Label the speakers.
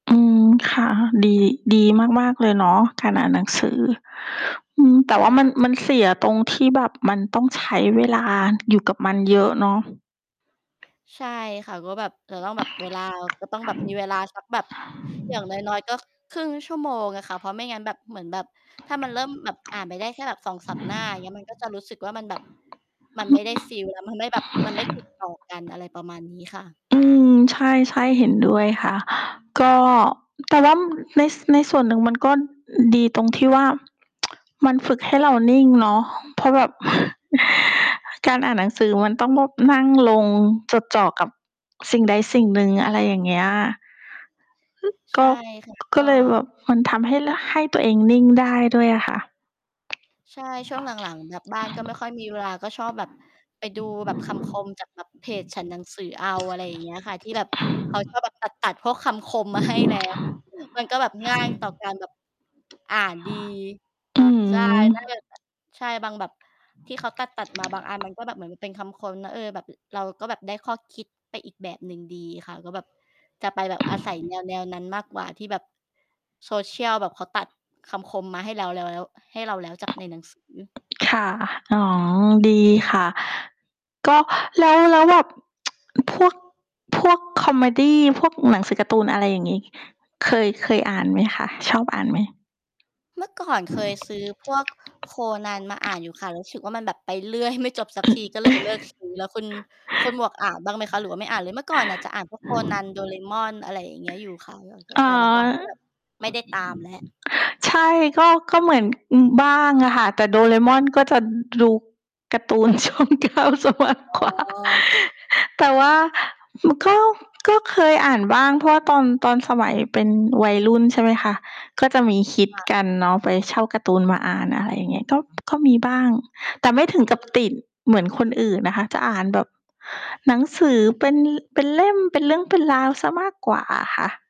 Speaker 1: อืม ค่ะ ดี ดีมาก ๆ เลยเนาะ การอ่านหนังสือ อืม แต
Speaker 2: ใช
Speaker 1: ่ว่ามัน
Speaker 2: ่
Speaker 1: มันเสียตรงที่แบบมันต้องใช้เวลาอยู่กับมันเยอะเนาะ
Speaker 2: ใช่ค่ะ ก็แบบ จะต้องแบบเวลา ก็ต้องแบบมีเวลาสักแบบอย่าง น้อย ๆ ก็ ค 0.5 ชั่วโมงอะค่ะ เพราะไม่งั้นแบบ เหมือนแบบถ้ามันเริ่มแบบอ่านไปได้แค่แบบ 2-3 หน้า อย่างเงี้ย มันก็จะรู้สึกว่ามันแบบ มันไม่ได้ ฟีล แล้วมันแบบ มันไม่ติดต่อกัน อะไรประมาณนี้ค่ะ
Speaker 1: อืม ใช่ ๆ เห็นด้วยค่ะ ก็ แต่ว่าใน ในส่วนหนึ่งมันก็ดีตรงที่ว่า มันฝึกให้เรานิ่งเนาะ เพราะแบบ การอ่านหนังสือมันต้องนั่งลง จดจ่อกับสิ่งใดสิ่งหนึ่ง อะไรอย่างเงี้ย
Speaker 2: ใ
Speaker 1: ก
Speaker 2: ช่
Speaker 1: ็
Speaker 2: ค่ะ ก
Speaker 1: ก็
Speaker 2: ็
Speaker 1: เลยแบบมันทำให้ ล ให้ตัวเองนิ่งได้ด้วยอะค่ะ
Speaker 2: ใช่ ช่วงหลัง ๆ แบบบ้านก็ไม่ค่อย มีเวลา ก็ชอบแบบไปดูแบบคำคมจากเพจฉันหนังสือเอา อะไรอย่างเงี้ยอะค่ะ ที่แบบเขาจะแบบตัด ๆ พวกคำคมมาให้ แล้ว มันก็แบบง่ายต่อการ แบบ อ่านดี
Speaker 1: อื
Speaker 2: ใช่
Speaker 1: ม
Speaker 2: ก็เลยแบบ ใช่ บางแบบที่เขาตัด ๆ มาบางอัน มันก็แบบเหมือนเป็นคำคมเนาะ เออ แบบ เราก็แบบได้ข้อคิดไปอีกแบบหนึ่งดีค่ะ ก็แบบจะไปแบบอาศัย แนว ๆ นั้นมากกว่า ที่แบบ social แบบเขาตัดคำคมมาให้แล้ว แล้ว ให้เราแล้วจากในหนังสือ
Speaker 1: ค่ะ อ๋อ ดีค่ะ ก็ แล้ว แล้วแบบ พวก พวกคอเมดี พวกหนังสือการ์ตูน อะไรอย่างงี้ เคย เคยอ่านไหมคะ ชอบอ่านไหม?
Speaker 2: เมื่อก่อนเคยซื้อ พวกโคนันมาอ่านอยู่ค่ะ รู้สึกว่ามันแบบไปเรื่อยไม่จบสักที ก็ เลยเลิกซื้อแล้วคุณ คุณหมวกอ่านบ้างไหมคะ หรือว่าไม่ อ่านเลย? เมื่อก่อนจะอ่านพวกโคนัน โดรา เอมอน อะไรอย่างเงี้ยอยู่ค่ะ
Speaker 1: อ่
Speaker 2: แ
Speaker 1: า
Speaker 2: ต่หลัง ๆ ก็แบบไม่ได้ตามแล้ว
Speaker 1: ใช่ ก็ ก็ ม เหมือนบ้างอะค่ะ แต่โดราเอมอนก็จะ ดูการ์ตูน ช่อง 9 เสียมาก
Speaker 2: อ๋
Speaker 1: กว่า
Speaker 2: อ
Speaker 1: แต่ว่า ก็ ก็เคยอ่านบ้าง เพราะว่าตอน ตอนสมัยเป็นวัยรุ่น ใช่ไหมคะ ก็จะมีฮิต
Speaker 2: ค่ะ
Speaker 1: กันเนาะไปเช่าการ์ตูนมาอ่าน อะไรอย่างเงี้ย ก็ ก็มีบ้าง แต่ไม่ถึงกับติดเหมือนคนอื่นนะคะ จะอ่านแบบหนังสือเป็น เป็นเล่ม เป็นเรื่องเป็นราวเสียมากกว่าอะค่ะ